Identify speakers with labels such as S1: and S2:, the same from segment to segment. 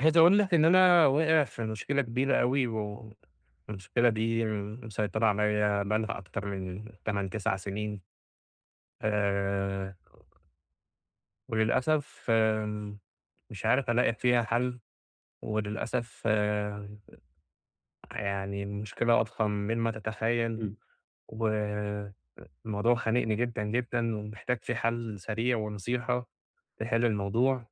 S1: عايز أقول لك إن أنا واقع في مشكلة كبيرة أوي، و والمشكلة دي مسيطرة عليّا بقى لها أكتر من 8، 9 سنين. آآ وللأسف آآ مش عارف ألاقي فيها حل، وللأسف آآ يعني المشكلة أضخم من ما تتخيل،
S2: إمم.
S1: و الموضوع خانقني جدًا، جدًا، ومحتاج فيه حل سريع ونصيحة تحل الموضوع.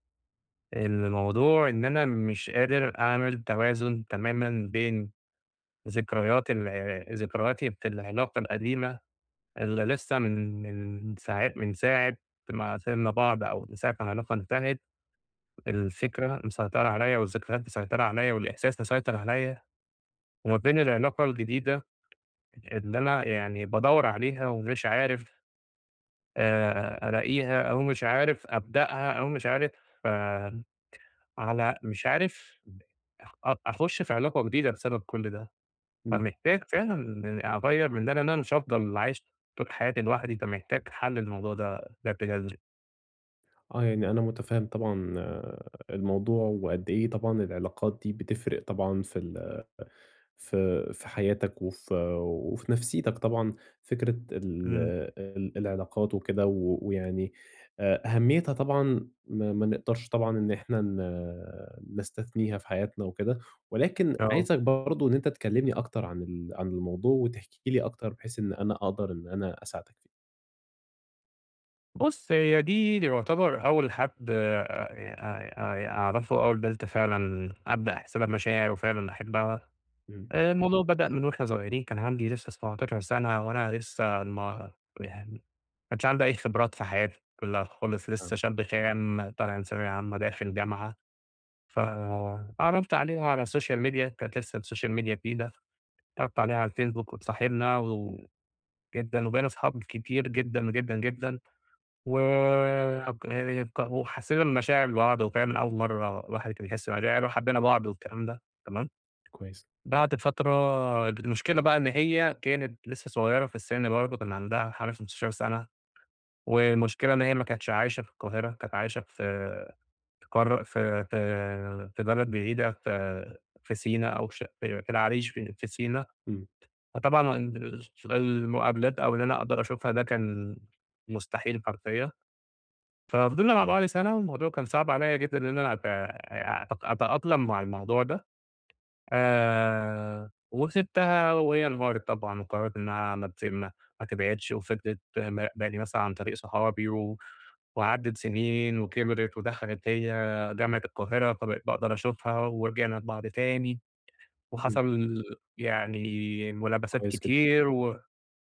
S1: الموضوع إن أنا مش قادر أعمل توازن تمامًا بين ذكريات ال ذكرياتي في العلاقة القديمة، اللي لسه من من ساع من ساعة ما سبنا بعض، أو من ساعة ما العلاقة انتهت، الفكرة مسيطرة عليّا، والذكريات مسيطرة عليّا، والإحساس مسيطر عليّا، وما بين العلاقة الجديدة، اللي أنا يعني بادوّر عليها ومش عارف آآ ألاقيها، أو مش عارف أبدأها، أو مش عارف على مش عارف أ أخش في علاقة جديدة، بسبب كل ده.
S2: إمم.
S1: فمحتاج فعلًا أغيَّر من ده، لأن أنا مش هافضل عايش طول حياتي لوحدي، فمحتاج حل للموضوع ده بشكل جذري.
S2: آه، يعني أنا مُتفهم طبعًا آآ الموضوع، وقد إيه طبعًا العلاقات دي بتفرِق طبعًا في ال ف في حياتك، وف وفي نفسيتك طبعًا، فكرة ال
S1: إمم.
S2: ال العلاقات وكده، و ويعني أ أهميتها طبعًا ما ما نقدرش طبعًا إن إحنا ن نستثنيها في حياتنا وكده، ولكن
S1: آه.
S2: عايزك برضه إن أنت تكلمني أكتر عن ال عن الموضوع، وتحكي لي أكتر بحيث إن أنا أقدَر إن أنا أساعدك فيه.
S1: بُص هي دي دي يعتبر أول حد آآ ي آآ أعرَفه أول بنت فعلًا أبدأ أحس لها بمشاعر وفعلًا أحبها،
S2: إمم.
S1: آآ الموضوع بدأ من وإحنا صغيرين كان عندي لسه 17 سنة، وأنا لسه ما يعني ما كانش عندي أي خبرات في حياتي كلها خالص،
S2: آه.
S1: لسه شاب خام طالع من ثانوية عامة داخل جامعة، ف اتعرّفت عليها على السوشيال ميديا كانت لسه السوشيال ميديا جديدة، اتعرّفت عليها على الفيسبوك واتصاحبنا و و جدًا وبقينا أصحاب كتير جدًا، جدًا، جدًا و [unintelligible] وحسينا المشاعر لبعض وفعلًا أول مرة الواحد كان يحس مشاعر، يعني وحبينا بعض والكلام ده تمام؟
S2: كويس.
S1: بعد فترة المشكلة بقى إن هي كانت لسه صغيرة في السّن برضه كان عندها حوالي 15 سنة، والمشكلة إن هي ما كانتش عايشة في القاهرة، كانت عايشة في في قارة في في في بلد بعيدة في في سينا أو في ش في العريش في في سينا،
S2: إمم.
S1: فطبعًا ال [unintelligible] في المقابلات أو إن أنا أقدَر أشوفها ده كان مستحيل حرفيًا، ففضِلنا مع بعض سنة، والموضوع كان صعب عليّا جدًا إن أنا أت أ أت أتأقلم مع الموضوع ده، آآ وسيبتها وهي انهارت طبعًا، وقررِت إنها ما تس ما تبعِدش وفضِلِت مراقباني مثلًا عن طريق صحابي، و وعَدَّت سنين وكِبرِت، ودخلِت هي جامعة القاهرة فبقيت باقدَر أشوفها، ورجِعنا لبعض تاني،
S2: إمم.
S1: وحصَل يعني ملابسات
S2: كويس جدًا.
S1: كتير، و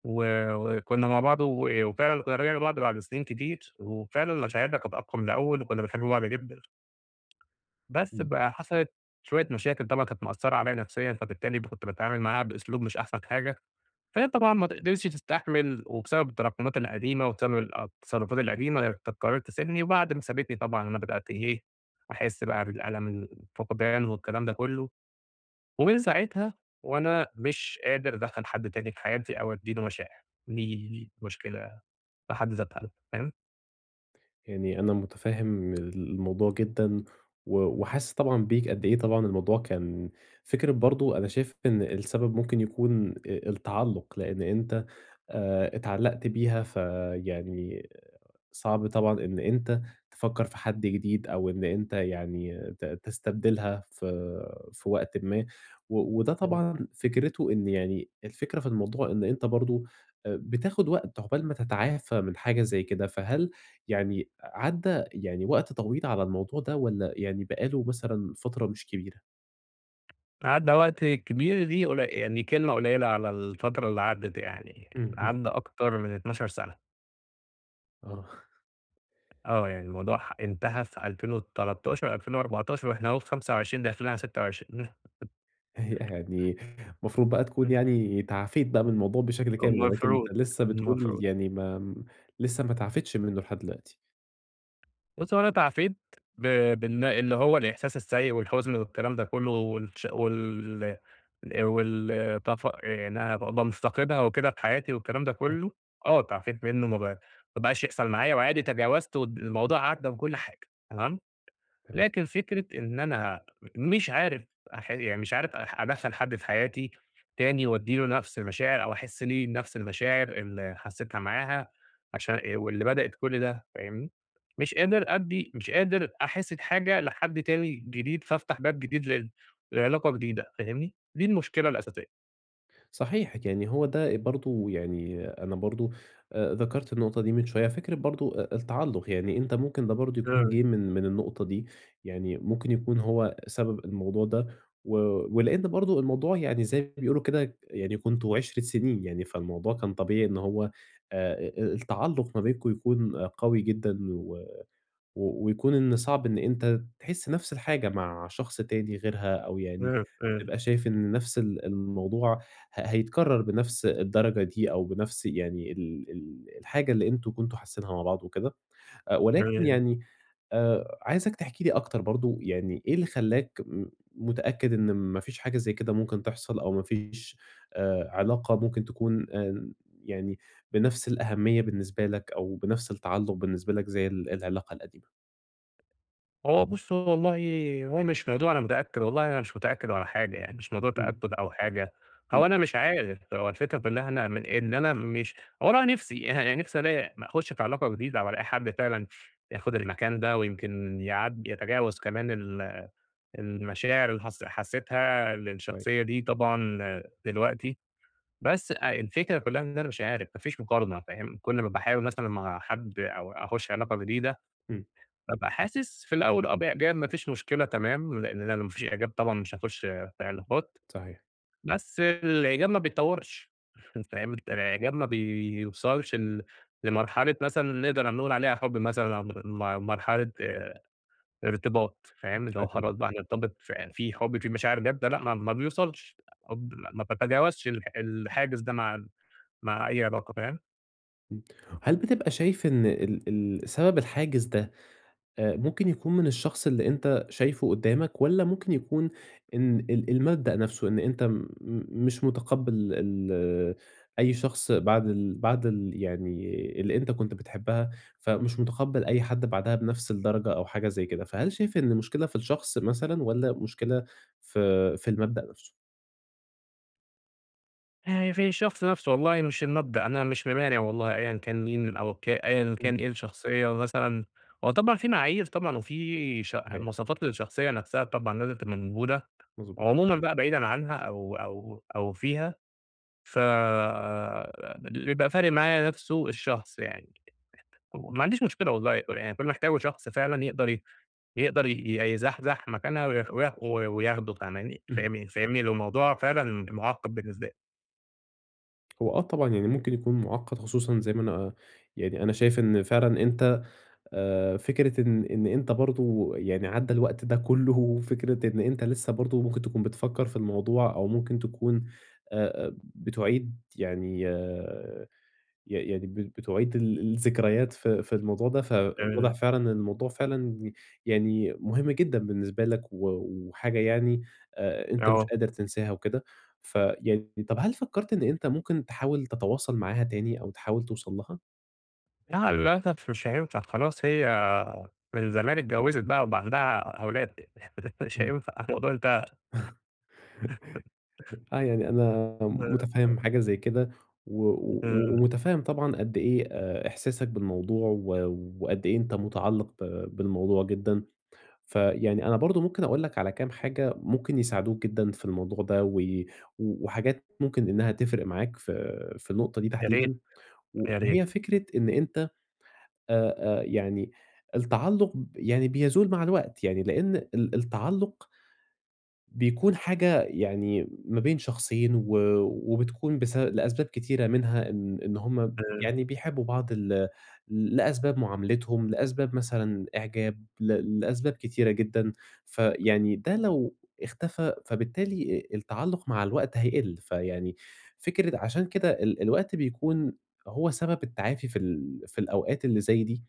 S1: و وكنا مع بعض و وفعلًا كنا رِجِعنا لبعض بعد سنين كتير، وفعلًا مشاعرنا كانت أقوي من الأول وكنا بنحب بعض جدًا، بس
S2: إمم.
S1: بقى حَصلِت شوية مشاكل طبعًا كانت مأثرة عليّا نفسيًا، فبالتالي كنت باتعامل معاها بإسلوب مش أحسن حاجة، فهي طبعًا ما ت قدرِتش تستحمل وبسبب التراكمات القديمة وبسبب التصرفات القديمة، قررِت تسيبني، وبعد ما سابتني طبعًا أنا بدأت إيه أحس بقى بالألم الفقدان والكلام ده كله، ومن ساعتها وأنا مش قادر أدخّل حد تاني في حياتي، أو أدّي له مشاعر، دي دي مشكلة في حد ذاتها فاهم؟
S2: يعني أنا متفهم الموضوع جدًا، و وحاسس طبعًا بيك، قد إيه طبعًا الموضوع كان فكرة برضه أنا شايف إن السبب ممكن يكون آآ التعلّق، لأن أنت آآ اتعلقت بيها، فيعني صعب طبعًا إن أنت تفكّر في حد جديد، أو إن أنت يعني ت تستبدلها في في وقتٍ ما، و وده
S1: تمام.
S2: طبعًا فكرته إن يعني الفكرة في الموضوع، إن أنت برضه بتاخد وقتَ عقبال ما تتعافى من حاجة زي كده. فهل يعني عدّى يعني وقت طويل على الموضوع ده، والّا يعني بقى له مثلًا فترة مش كبيرة؟
S1: عدّى وقت كبير، دي قلي يعني كلمة قليلة على الفترة اللي عدّت يعني،
S2: اهم.
S1: عدّى أكتر من 12 سنة.
S2: آه.
S1: آه، يعني الموضوع ح انتهى في 2013، 2014، وإحنا أهو في 25 داخلين على 26.
S2: آآ يعني المفروض بقى تكون
S1: إمم.
S2: يعني تعافيت بقى من الموضوع بشكل كامل، ولكن
S1: المفروض،
S2: أنت لسّه بتقول
S1: المفروض.
S2: يعني ما لسّه ما تعافيتش منّه لحد دلوقتي.
S1: بُص هو أنا تعافيت، ب بإن إن هو الإحساس السيء والحزن والكلام ده كله والش وال الأ وال تفا آآ إنّها ابقي مُفتقدها وكده في حياتي والكلام ده
S2: [unintelligible]
S1: كله، آه تعافيت منّه. ما بقا ما بقاش يحصل معايا وعادي تجاوزت ود والموضوع عدَّى وكل حاجة. تمام؟
S2: تم
S1: لكن فكرة إن أنا م مش عارف أح يعني مش عارف أح أدخَّل حد في حياتي تاني، وادي له نفس المشاعر أو أحس ليه نفس المشاعر اللي حسيتها معاها، عشان إ واللي بدأت كل ده. فاهمني، مش قادر أدّي، مش قادر أحس بحاجة لحد تاني جديد، فافتح باب جديد لل لعلاقة جديدة. فاهمني؟ دي المشكلة الأساسية.
S2: صحيح يعني هو ده إ برضه يعني أنا برضه آآ ذَكَرت النقطة دي من شوية. فكرة برضه أ التعلُّق، يعني أنت ممكن ده برضه يكون
S1: إمم.
S2: جه من من النقطة دي، يعني ممكن يكون هو سبب الموضوع ده. و ولإن برضه الموضوع يعني زي ما بيقولوا كده، يعني كنتم عِشرَة سنين يعني، فالموضوع كان طبيعي إن هو آآ إ التعلُّق ما بينكم يكون قوي جدًا، و و ويكون إن صعب إن أنت تحس نَفس الحاجة مع شخص تاني غيرها، أو يعني
S1: إمم، إمم.
S2: تبقى شايف إن نَفس ال الموضوع ه هيتكرر بنَفس الدرجة دي، أو بنَفس يعني ال ال الحاجة اللي أنتم كنتم حاسينها مع بعض وكده. أ ولكن
S1: [unintelligible]
S2: يعني آآ عايزك تحكي لي أكتر برضه يعني إيه اللي خلَّاك م متأكد إن ما فيش حاجة زي كده ممكن تحصَل، أو ما فيش آآ علاقة ممكن تكون آمم يعني بنَفس الأهمية بالنسبة لك، أو بنَفس التعلُّق بالنسبة لك زي ال العلاقة القديمة.
S1: هو بُص، هو والله هو مش موضوع أنا متأكّد، والله أنا مش متأكّد ولا حاجة يعني، مش موضوع
S2: إمم.
S1: تأكُّد أو حاجة.
S2: إمم.
S1: هو أنا مش عارف، هو الفكرة في إن إحنا من إن أنا مش والله نِفسي اها نِفسي ألاقي م أخُش في علاقة جديدة، وألاقي حد فعلًا ياخد المكان ده، ويمكن يعد يتجاوز كمان ال المشاعر اللي حس حسّيتها
S2: كويس.
S1: للشخصية دي طبعًا دلوقتي. بس الفكرة كلّها إن أنا مش عارف، ما فيش مُقارنة فاهم. كل ما باحاول مثلًا مع حد، أو أخُش علاقة جديدة،
S2: إمم.
S1: بابقى حاسس في الأول آه بإعجاب ما فيش مشكلة تمام، لإن لو ما فيش إعجاب طبعًا، مش هاخُش في علاقات.
S2: صحيح.
S1: بس الإعجاب ما بيتطوّرش. فاهم. الإعجاب ما بيوصلش ل لمرحلة مثلًا نقدر نقول عليها حُب مثلًا، [unintelligible] م مرحلة إرتباط فاهم. اللي هو
S2: فاهم.
S1: خلاص بقى هنرتبط في في حُب، في مشاعر جادة لأ، ما ما بيوصلش، الحب ما باتجاوزش ال الحاجز ده مع مع أي علاقة فاهم؟
S2: إمم. هل بتبقى شايف إن ال ال سبب الحاجز ده، أ ممكن يكون من الشخص اللي أنت شايفه قدّامك، والّا ممكن يكون إن ال المبدأ نفسه. إن أنت م مش مُتقبّل ال أي شخص بعد ال بعد ال يعني اللي أنت كنت بتحبّها، فمش مُتقبّل أي حد بعدها بنفس الدرجة، أو حاجة زي كده؟ فهل شايف إن المشكلة في الشخص مثلًا، والّا مشكلة في في المبدأ نفسه؟
S1: آآ في الشخص نفسه والله مش المبدأ، أنا مش ممانع والله أيًا كان مين أو ك أيًا
S2: امم.
S1: كان إيه الشخصية، مثلًا هو طبعًا في معايير طبعًا، وفي ش
S2: أيوه.
S1: مواصفات للشخصية نفسها طبعًا لازم تبقى موجودة.
S2: مضبو
S1: عمومًا بقى بعيدًا عنها أو أو أو فيها ف آآ اللي بيبقى فارق معايا نفسُه الشخص، يعني ما عنديش مشكلة والله، يعني كل اللي محتاجه شخص فعلًا يقدر ي يقدر ي يزحزح مكانها ويخ و وياخده فاهماني
S2: إمم.
S1: فَاهِمنِي ل الموضوع فعلًا مُعقد بالنسبة لي.
S2: هو آه طبعًا، يعني مُمكن يكون مُعقد، خصوصًا زي ما أنا آآ يعني أنا شايف إن فعلًا أنت آآ فكرة إن إن أنت برضه يعني عَدَّى الوقت ده كُله، وفكرة إن أنت لسه برضه مُمكن تكون بتفكر في الموضوع، أو مُمكن تكون أ أ بتُعِيد يعني ي يعني ب بتُعِيد ال الذكريات في في الموضوع ده. فواضح
S1: تمام.
S2: فعلًا إن الموضوع فعلًا يعني مُهم جدًا بالنسبة لك، و وحاجة يعني آآ أنت مش
S1: آه.
S2: قادر تنساها وكده. ف ي طب هل فكرت إن أنت مُمكن تحاول تتواصل معاها تاني أو تحاول توصل لها؟
S1: لأ، للأسف مش هينفع خلاص. هي من
S2: [unintelligible]
S1: زمان اتجوزت، وبقى عندها أ أولاد، مش
S2: إمم.
S1: هينفع الموضوع انتهى
S2: آه، يعني أنا مُتفهِم
S1: [unintelligible]
S2: حاجة زي كده، و و
S1: إمم.
S2: ومُتفهِم طبعًا قد إيه إحساسك بالموضوع، و وقد إيه أنت مُتعلق ب بالموضوع جدًا. فيعني أنا برضه مُمكن أقول لك على كام حاجة مُمكن يساعدوك جدًا في الموضوع ده، وي وحاجات مُمكن إنّها تِفرق معاك ف فالنُقطة دي
S1: يا ريت،
S2: تحديدًا، و
S1: يا
S2: وهي
S1: ريت.
S2: فِكرة إن أنت آآ، آآ يعني التعلُق ب يعني بيزول مع الوقت، يعني لأن ال التعلُق بيكون حاجة يعني ما بين شخصين، و وبتكون بس لأسباب كتيرة، منها إن إن هم ب
S1: إمم.
S2: يعني بيحبوا بعض ل لأسباب مُعاملِتهم، لأسباب مثلًا إعجاب، ل لأسباب كتيرة جدًا.
S1: [unintelligible]
S2: فيعني ده لو اختفى، فبالتالي التعلُق مع الوقت هيقِلّ. فيعني فكرة عشان كده ال الوقت بيكون هو سبب التعافي في ال في الأوقات اللي زي دي.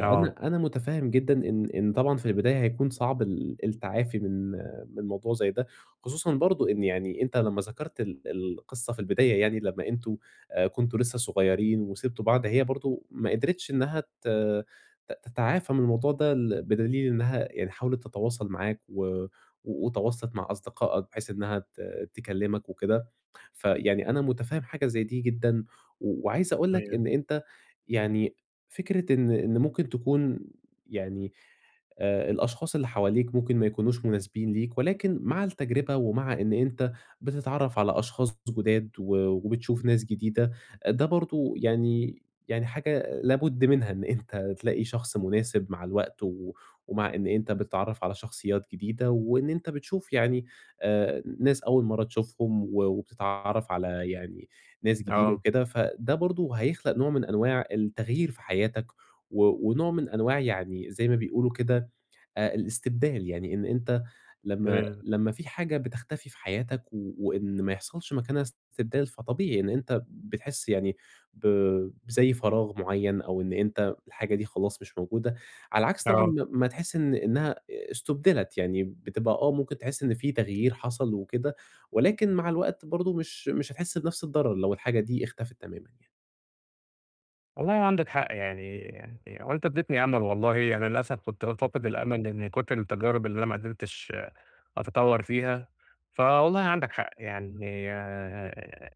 S1: آه.
S2: أنا مُتفهم جدًا إن إن طبعًا في البداية هيكون صعب ال التعافي من من موضوع زي ده، خصوصًا برضه إن يعني أنت لمّا ذكرتَ ال القصة في البداية، يعني لمّا أنتم كُنتم لسّه صُغيّرين وسِبتم بعض، هي برضه ما قدرِتش إنّها ت ت تتعافي من الموضوع ده، ال بدليل إنّها يعني حاولت تتواصل معاك، و وتواصلت مع أصدقائك بحيث إنّها ت تكلمك وكده. فيعني أنا مُتفهم حاجة زي دي جدًا، وعايز أقول لك،
S1: أيوه.
S2: إن أنت يعني فكرة إن إن مُمكن تكون يعني آآ الأشخاص اللي حواليك مُمكن ما يكونوش مُناسبين ليك، ولكن مع التجربة، ومع إن أنت بتتعرّف على أشخاص ض جداد، و وبتشوف ناس جديدة، ده برضه يعني يعني حاجة لابد منها إن أنت تلاقي شخص مناسب مع الوقت، ومع إن أنت بتتعرّف على شخصيّات جديدة، وإن أنت بتشوف يعني آآ ناس أول مرّة تشوفهم و وبتتعرف على يعني ناس جديدة
S1: آه.
S2: وكده، فده برضه هيخلق نوع من أنواع التغيير في حياتك، و ونوع من أنواع يعني زي ما بيقولوا كده آآ الاستبدال. يعني إن أنت لمّا
S1: [unintelligible]
S2: لمّا في حاجة بتختفي في حياتك و وإن ما يحصلش مكانها استبدال، فطبيعي إن أنت بتحسّ يعني ب بزي فراغ مُعيّن، أو إن أنت الحاجة دي خلاص مش موجودة. على العكس طبعًا
S1: آه.
S2: ما ما تحسّ إن إنّها استُبْدلت، يعني بتبقى آه، مُمكن تحسّ إن في تغيير حصل وكده، ولكن مع الوقت برضه مش مش هتحسّ بنفس الضرر لو الحاجة دي اختفت تمامًا يعني.
S1: والله عندك حق، يعني هو أنتَ أديّتني أمل والله. يعني للأسف، كُنت فاقد الأمل من كُتر التجارب اللي أنا ما قدرتش أتطور فيها. فوالله عندك حق، يعني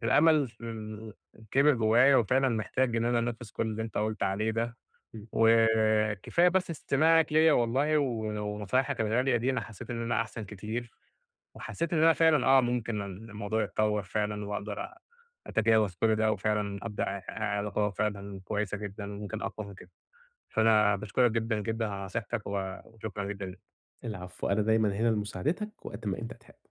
S1: الأمل فمل كِبر جوّايا، وفعلًا محتاج إن أنا أنفذ كل اللي أنت قُلت عليه ده.
S2: إمم.
S1: وكفاية بس استماعك ليَّ والله و ونصايحك الغالية دي، أنا حسّيت إن أنا أحسن كتير، وحسّيت إن أنا فعلًا آه، ممكن الموضوع يتطور فعلًا، وأقدرأ أتجاوز كل ده، وفعلًا أبدأ أ علاقة فعلًا كويّسة جدًا، ممكن أقوى من كده. فأنا باشكرك جدًا، جدًا على نصيحتك، وشكرًا جدًا ليك.
S2: العفو، أنا دايمًا هنا لمُساعدتك، وقت ما أنت تحب.